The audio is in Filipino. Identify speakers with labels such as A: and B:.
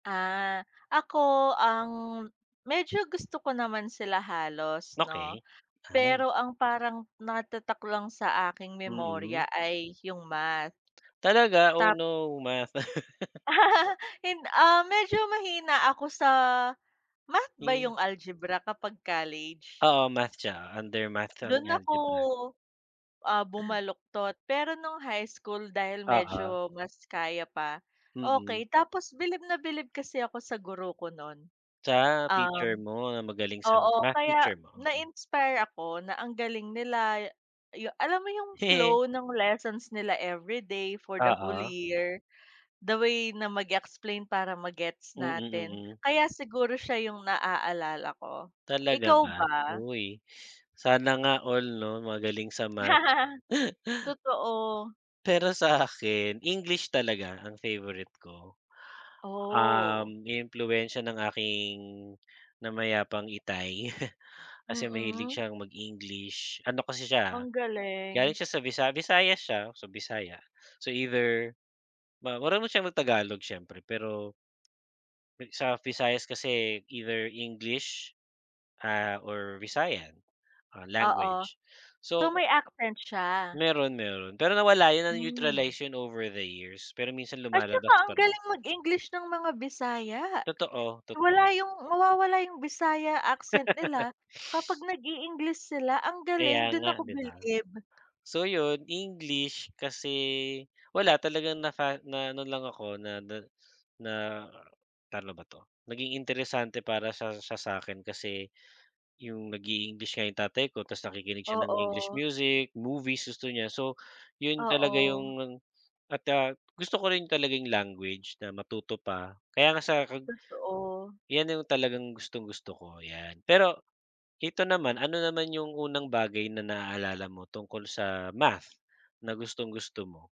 A: Ah, ako ang medyo gusto ko naman sila halos 'no.
B: Okey, ay.
A: Pero ang parang natatak lang sa aking
B: Mm.
A: memorya ay yung Math.
B: Talaga? Oh
A: Tap
B: no Math.
A: Hin ah, medyo mahina ako sa Math ba
B: Mm.
A: yung algebra kapag college?
B: Oo, Math siya, under Math ang
A: Dun ako,
B: algebra.
A: ah, bumaluktot pero nung high school dahil
B: Oo.
A: medyo mas kaya pa,
B: Mm.
A: okey tapos bilib na bilib kasi ako sa guro ko nun.
B: Sa teacher
A: Um,
B: mo, magaling sa
A: oo
B: Math
A: kaya
B: teacher mo? Mhm.
A: na-inspire ako na ang galing nila ya yu alam mo yung flow ng lessons nila every day for the whole
B: Oo.
A: year, the way na mag-explain para ma-gets
B: Mm,
A: natin.
B: mm.
A: Kaya siguro siya yung na-aalala ko.
B: Talaga
A: Ikaw
B: ba?
A: ba?
B: Uy, sana nga all 'no magaling sa Math.
A: Totoo.
B: Pero sa akin English talaga ang favorite ko.
A: Oh.
B: Um, inimpluwensya ng aking namayapang itay kasi mahilig
A: Mm.
B: siyang mag-English, ano kasi
A: Ang
B: siya,
A: galing.
B: galing siya sa Visa Visayas siya, so Bisaya. So, either, ma marunong siyang mag-tagalog siyempre pero sa Visayas kasi either English ah, or Visayan
A: Oo.
B: language,
A: So
B: so
A: may
B: kay
A: accent siya?
B: meron, meron pero nawala yun ng
A: Hmm.
B: na-neutralization yun over the years, pero minsan
A: At saka
B: lumalabas
A: ang
B: pa rin.
A: galing mag-English ng mga Bisaya.
B: Totoo,
A: Wala
B: totoo.
A: yung mawawala yung Bisaya accent nila kapag nag-i-English sila, ang galing
B: Kaya
A: dun
B: nga
A: ako
B: di ba?
A: bilib.
B: So yun, English kasi, wala talagang naka na-ano lang ako na na na paano ba to, naging interesante para sa siya sa'kin kasi, yung nag-i-English nga yung tatay ko tapos nakikinig siya ng English
A: Oo.
B: music, movies, gusto niya so yun talaga
A: Oo.
B: yung, at, ah, gusto ko rin talaga yung language na matuto pa kaya nga sa kag
A: Totoo.
B: yan na yung talagang gustong-gusto ko, yan. Pero, ito naman ano naman yung unang bagay na naaalala mo tungkol sa Math na gustong-gusto mo?